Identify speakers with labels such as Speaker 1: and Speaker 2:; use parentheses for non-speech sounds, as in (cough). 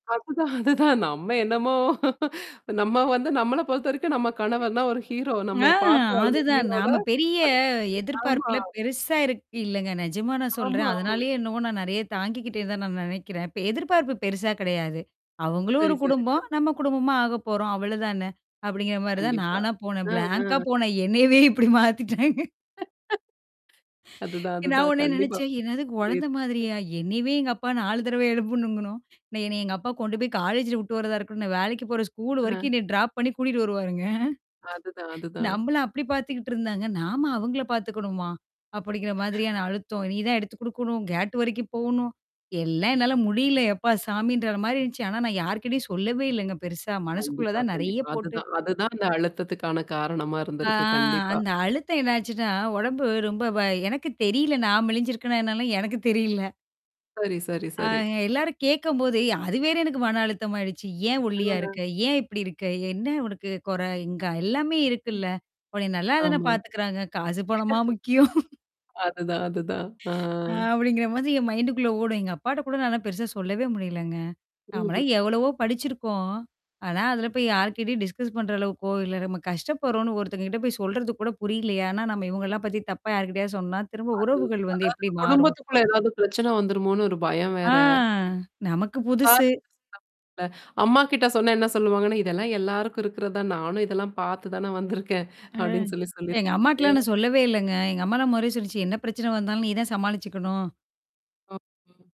Speaker 1: அதுதான். அதுதான். நம்ம என்னமோ நம்ம வந்து நம்மள பொறுத்தவரைக்கும் நம்ம கணவர் தான் ஒரு
Speaker 2: (coughs)
Speaker 1: ஹீரோ
Speaker 2: ஆ
Speaker 1: நம்மைய பார்த்து வளந்த
Speaker 2: அதுதான்.
Speaker 1: ஹீரோல.
Speaker 2: நாம பெரிய
Speaker 1: அது ஆமா.
Speaker 2: எதிர்பார்ப்புல பெருசா இருக்கு இல்லங்க. நிஜமா நான்
Speaker 1: ஆமா
Speaker 2: சொல்றேன்.
Speaker 1: ஆமா.
Speaker 2: அதனாலேயே என்னமோ நான் நெறைய தாங்கிக்கிட்டேன்னு தான் நான் நினைக்கிறேன். இப்ப எதிர்பார்ப்பு பெருசா கிடையாது. அவங்களும் ஒரு
Speaker 1: சரி, சரி,
Speaker 2: குடும்பம்,
Speaker 1: சரி.
Speaker 2: நம்ம குடும்பமா ஆக போறோம். அவ்ளோதான, அப்படிங்கிற மாரி தான்
Speaker 1: கண்டிப்பா.
Speaker 2: நானா போனேன்.
Speaker 1: ம்
Speaker 2: பிளாங்கா
Speaker 1: ,ம்.
Speaker 2: போனேன். என்னயவே இப்படி மாத்திட்டாங்க.
Speaker 1: அதுதான்.
Speaker 2: நான்
Speaker 1: அதுதான்.
Speaker 2: உடனே
Speaker 1: கண்டிப்பா.
Speaker 2: நினைச்சேன், என்னது குழந்தை
Speaker 1: (unintelligible)
Speaker 2: மாதிரியா? என்னையவே எங்க அப்பா 4 தடவ எழுப்பணும்ங்கணும். நான் என்னனய எங்க அப்பா கொண்டு போய் காலேஜ்ல விட்டு வரதா இருக்கும். நான் வேலைக்கு போற ஸ்கூல் வரைக்கும்
Speaker 1: ஆ.
Speaker 2: என்னைய ட்ராப் பண்ணி கூட்டிட்டு வருவாருங்க.
Speaker 1: அதுதான். அதுதான்.
Speaker 2: நம்மளும் அப்படி பார்த்துக்கிட்டு இருந்தாங்க. நாம அவங்கள பார்த்துக்கணுமா? அப்படிங்கிற மாதிரியான அழுத்தம். நீதான் எடுத்து குடுக்கணும். கேட் வரைக்கும் போணும். எல்லாம் என்னால முடியல எப்பா சாமின்ற மாரி இருந்துச்சு. ஆனா நான் யார்கிட்டயும் சொல்லவே இல்லங்க பெருசா. மனசுக்குள்ள
Speaker 1: கண்டிப்பா
Speaker 2: தான் நெறைய
Speaker 1: கண்டிப்பா.
Speaker 2: போட்டு
Speaker 1: அதுதான். அதுதான் அந்த அழுத்தத்துக்கான காரணமா
Speaker 2: ஆ
Speaker 1: இருந்திருக்கு கண்டிப்பா.
Speaker 2: அந்த அழுத்தம் என்னாச்சுன்னா, உடம்பு ரொம்ப வ எனக்கு தெரியல, நான் மெளிஞ்சிருக்கனே என்னாலுல எனக்கு தெரியல.
Speaker 1: சரி, சரி,
Speaker 2: ஆ
Speaker 1: சரி.
Speaker 2: எ எல்லாரும் கேட்கும்போது அது வேற எனக்கு மன அழுத்தமாயிடுச்சு? ஏன்
Speaker 1: ஆ.
Speaker 2: ஒல்லியா இருக்க?
Speaker 1: ஆ.
Speaker 2: ஏன் இப்படி இருக்க? என்ன உனக்கு கொறை இங்க எல்லாமே இருக்குல்ல? அப்படி நல்லா தானே
Speaker 1: ஆமா. (chuckles)
Speaker 2: பார்த்துக்கறாங்க. காசு பணமா முக்கியம்.
Speaker 1: அதுதான். அதுதான். ஆ.
Speaker 2: அ அப்படிங்கிற மாதிரி என் மைண்டுக்குள்ள ஓடும். எங்க அப்பாட்ட கூட நானா பெருசா சொல்லவே முடியலங்க.
Speaker 1: ம்.
Speaker 2: நமளாம் எவ்வளவோ படிச்சிருக்கோம். ஆனா அதில போய் யார்கிட்டயும் டிஸ்கஸ் பண்ற அளவுக்கோ இல்ல. நம்ம கஷ்டப்படுறோம்ன்னு ஒருத்தங்க கிட்ட போய் சொல்றது கூட புரியலையா? ஆனா, நம்ம இவங்கலாம் பத்தி தப்பா யார்கிட்டயாவது சொன்னா, திரும்ப
Speaker 1: அது அதாவது
Speaker 2: உறவுகள் வந்து எப்படி மாறும்?
Speaker 1: குடும்பத்துக்குள்ள ஏதாவது பிரச்சனை வந்துருமோனு ஒரு பயம்
Speaker 2: ஆ
Speaker 1: வேற.
Speaker 2: நமக்கு
Speaker 1: ஆ.
Speaker 2: புதுசு.
Speaker 1: (unintelligible) இல்ல அம்மாகிட்ட சொன்னே என்ன சொல்லுவாங்கன்னா, இதெல்லாம் எல்லாருக்கும் இருக்கறதான். நானும் இதெல்லாம் (chuckles) பார்த்து தானே வந்திருக்கேன்.
Speaker 2: ம்.
Speaker 1: அப்படின்னு சொல்லி சொல்லிரு.
Speaker 2: எங்க அம்மாட்டலாம்
Speaker 1: (unintelligible)
Speaker 2: நான் சொல்லவே இல்லங்க. எங்க அம்மாலாம் மொதலேயே சொல்லிச்சு என்ன பிரச்சனை வந்தாலும் நீ தான் சமாளிச்சுக்கணும்.
Speaker 1: ஆ.